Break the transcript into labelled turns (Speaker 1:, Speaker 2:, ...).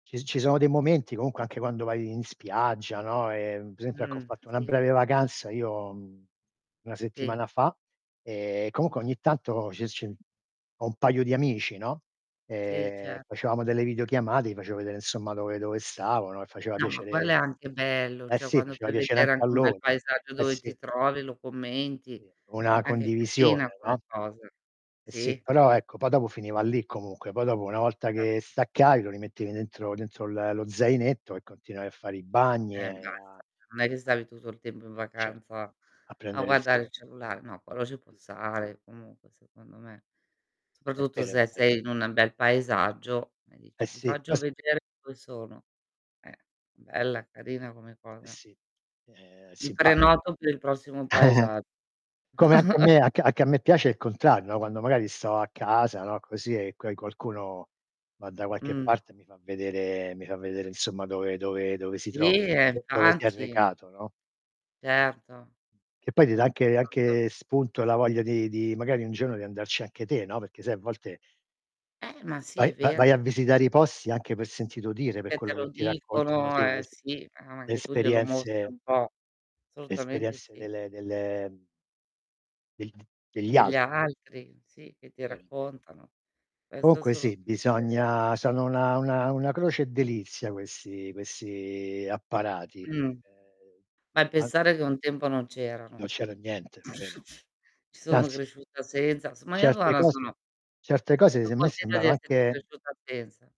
Speaker 1: Ci ci sono dei momenti comunque anche quando vai in spiaggia, no, e per esempio, ecco ho
Speaker 2: Mh,
Speaker 1: fatto una
Speaker 2: sì.
Speaker 1: breve vacanza io, mhmm, 1
Speaker 2: Sì.
Speaker 1: settimana fa e,
Speaker 2: Sì.
Speaker 1: comunque ogni tanto ci s c ho un paio di amici, no.
Speaker 2: Sì,
Speaker 1: E,
Speaker 2: certo.
Speaker 1: facevamo delle videochiamate, gli facevo vedere insomma dove dove stavo, no, e faceva
Speaker 2: No, ma quello
Speaker 1: piacere
Speaker 2: è anche bello,
Speaker 1: eh
Speaker 2: cioè
Speaker 1: sì,
Speaker 2: quando
Speaker 1: faceva
Speaker 2: fai
Speaker 1: piacere
Speaker 2: vedere
Speaker 1: anche a
Speaker 2: anche un bel
Speaker 1: loro.
Speaker 2: paesaggio
Speaker 1: Eh
Speaker 2: dove ti
Speaker 1: sì.
Speaker 2: trovi, lo commenti,
Speaker 1: Sì. Una
Speaker 2: è anche
Speaker 1: condivisione,
Speaker 2: carina come
Speaker 1: no.
Speaker 2: cosa.
Speaker 1: Eh sì,
Speaker 2: Sì.
Speaker 1: però ecco, poi dopo finiva lì comunque, poi dopo una volta che
Speaker 2: Esatto.
Speaker 1: staccavi lo rimettevi dentro dentro l lo zainetto e continuavi a fare i bagni e
Speaker 2: Eh, basta. Non è che
Speaker 1: a
Speaker 2: stavi tutto il tempo in
Speaker 1: Certo,
Speaker 2: vacanza
Speaker 1: a
Speaker 2: a
Speaker 1: prendere il
Speaker 2: guardare
Speaker 1: sole.
Speaker 2: il cellulare. No, quello ci può stare comunque secondo me.
Speaker 1: È
Speaker 2: Soprattutto
Speaker 1: vero, è
Speaker 2: se
Speaker 1: vero.
Speaker 2: sei in un an bel paesaggio e
Speaker 1: Eh
Speaker 2: dici: "ti
Speaker 1: sì,
Speaker 2: faccio
Speaker 1: poi sp
Speaker 2: vedere dove sono." Eh. Bella, carina come
Speaker 1: Eh
Speaker 2: cosa.
Speaker 1: sì ehm,
Speaker 2: Mi
Speaker 1: simpat
Speaker 2: prenoto per il prossimo paesa
Speaker 1: Come anche a me, anc anche a me piace il contrario, no, quando magari sto a casa, no, così e coi qualcuno, va da qualche
Speaker 2: Mh.
Speaker 1: parte e mi fa vedere mi fa vedere insomma dove dove dove si
Speaker 2: Sì,
Speaker 1: trova,
Speaker 2: e
Speaker 1: d dove si è
Speaker 2: infatti.
Speaker 1: recato, no. Sì.
Speaker 2: Certo.
Speaker 1: Che poi ti dà anche
Speaker 2: [unintelligible]
Speaker 1: anche spunto la voglia di di magari un giorno di andarci anche te, no, perché sai a volte
Speaker 2: Eh, ma sì
Speaker 1: vai
Speaker 2: è
Speaker 1: va vai
Speaker 2: vero.
Speaker 1: a visitare i posti anche per sentito dire, per
Speaker 2: Perché te
Speaker 1: quello che
Speaker 2: lo
Speaker 1: ti raccontano,
Speaker 2: dicono,
Speaker 1: sì lo
Speaker 2: eh,
Speaker 1: se
Speaker 2: sì, ma
Speaker 1: le
Speaker 2: anche tu glielo mostri
Speaker 1: esperienze
Speaker 2: un po'.
Speaker 1: le
Speaker 2: Assolutamente
Speaker 1: esperienze
Speaker 2: sì.
Speaker 1: delle delle degl degli
Speaker 2: Degli
Speaker 1: altr
Speaker 2: altri, sì, che ti
Speaker 1: Vero, è vero.
Speaker 2: raccontano. Questo è
Speaker 1: Comunque sì,
Speaker 2: assolutamente vero.
Speaker 1: bisogna sono una una una croce e delizia questi questi apparati.
Speaker 2: Mh,
Speaker 1: Ehm,
Speaker 2: beh,
Speaker 1: an
Speaker 2: pensare che un tempo non c'erano.
Speaker 1: Non c'era niente, vero?
Speaker 2: Ci
Speaker 1: Se
Speaker 2: sono
Speaker 1: anzi
Speaker 2: cresciuta senza. Sm [unintelligible]
Speaker 1: certe
Speaker 2: ora
Speaker 1: cose
Speaker 2: sono
Speaker 1: certe cose
Speaker 2: So'
Speaker 1: se a me
Speaker 2: contenta di
Speaker 1: sembrano
Speaker 2: esserci
Speaker 1: anche
Speaker 2: cresciuta senza.